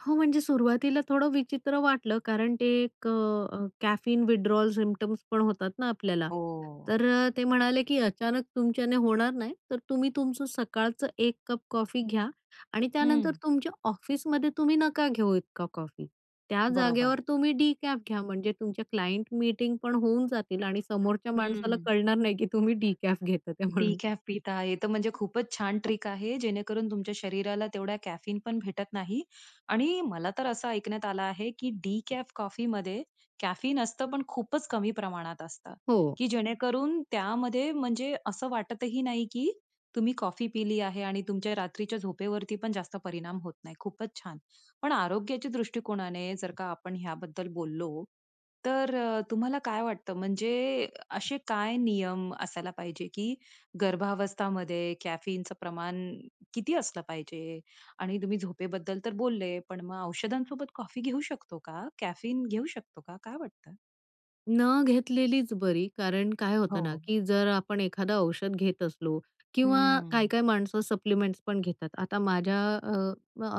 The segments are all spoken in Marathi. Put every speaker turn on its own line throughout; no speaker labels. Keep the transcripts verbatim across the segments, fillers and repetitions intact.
हो. म्हणजे सुरुवातीला थोडं विचित्र वाटलं, कारण ते एक अ, कॅफीन विथड्रॉवल सिम्प्टम्स पण होतात ना आपल्याला.
हो.
तर अ, ते म्हणाले की अचानक तुमच्याने होणार नाही तर तुम्ही तुमचं सकाळचं एक कप कॉफी घ्या आणि त्यानंतर
हं.
तुमच्या ऑफिसमध्ये तुम्ही नका घेऊ इतका कॉफी. त्या
बरोबर.
जागेवर तुम्ही डिकॅफ घ्या, म्हणजे तुमच्या क्लायंट मीटिंग पण होऊन जातील आणि समोरच्या माणसाला
हं.
कळणार नाही की तुम्ही डिकॅफ घेतात ते म्हणून.
डिकॅफ पिता आहे तर म्हणजे खूपच छान ट्रिक आहे, जेणेकरून तुमच्या शरीराला तेवढ्या कॅफीन पण भेटत नाही. आणि मला तर असं ऐकण्यात आलं आहे की डिकॅफ कॉफी मध्ये कॅफीन असतं, पण खूपच कमी प्रमाणात असतं.
हो.
की जेणेकरून त्यामध्ये म्हणजे असं वाटतही नाही की तुम्ही कॉफी पिली आहे. आणि तुमच्या रात्रीच्या झोपेवरती पण जास्त परिणाम होत नाही. खूपच छान. पण आरोग्याच्या दृष्टिकोनाने जर का आपण याबद्दल बोललो, तर अ, तुम्हाला काय वाटतं? म्हणजे असे काय नियम असायला पाहिजे की गर्भावस्था मध्ये कॅफीनचं प्रमाण किती असलं पाहिजे? आणि तुम्ही झोपेबद्दल तर बोलले, पण मग औषधांसोबत कॉफी घेऊ शकतो का? कॅफीन घेऊ शकतो का? काय वाटतं?
न घेतलेलीच बरी ,कारण काय होतं ना
हो.
की जर आपण एखादा औषध घेत असलो किंवा काही
हं.
काही माणसं सप्लिमेंट्सपण घेतात. आता माझ्या अ,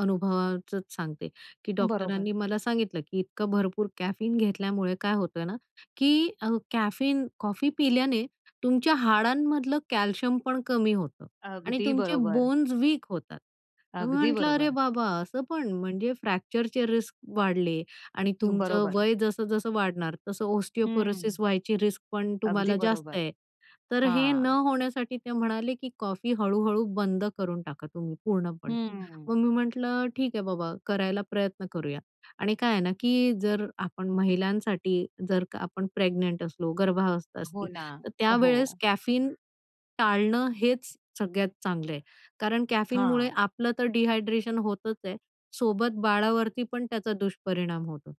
अनुभवाचंच सांगते की
बरोबर.
डॉक्टरांनी मला सांगितलं की इतकं भरपूर कॅफीन घेतल्यामुळे काय होतं ना, की अ, कॅफीन कॉफी पिल्याने तुमच्या हाडांमधलं कॅल्शियम पण कमी होतं आणि
अगदी
तुमचे
बरोबर.
बोन्स वीक होतात. तर मी
अगदी
म्हटलं "अरे
बरोबर.
बाबा असं पण." म्हणजे फ्रॅक्चरचे रिस्क वाढले आणि तुमचं
बरोबर.
वय जसं जसं वाढणार तसं
हं.
ऑस्टिओपोरोसिस व्हायची रिस्क पण
अगदी
तुम्हाला जास्त
बरोबर.
आहे. तर हे न
हां.
होण्यासाठी ते म्हणाले की "कॉफी हळू-हळू बंद करून टाका तुम्ही पूर्णपणे."
हं.
मग मी म्हटलं "ठीक आहे बाबा करायला प्रयत्न करूया." आणि काय आहे ना की जर आपण महिलांसाठी जर का आपण प्रेग्नंट असलो, गर्भावस्था
हो
असती.
ना,
तर त्यावेळेस
हो.
कॅफीन टाळणं हेच सगळ्यात चांगलं आहे. कारण कॅफीनमुळे
हां.
आपलं तर डिहायड्रेशन होतच आहे. सोबत बाळावरती पण त्याचा दुष्परिणाम होतो.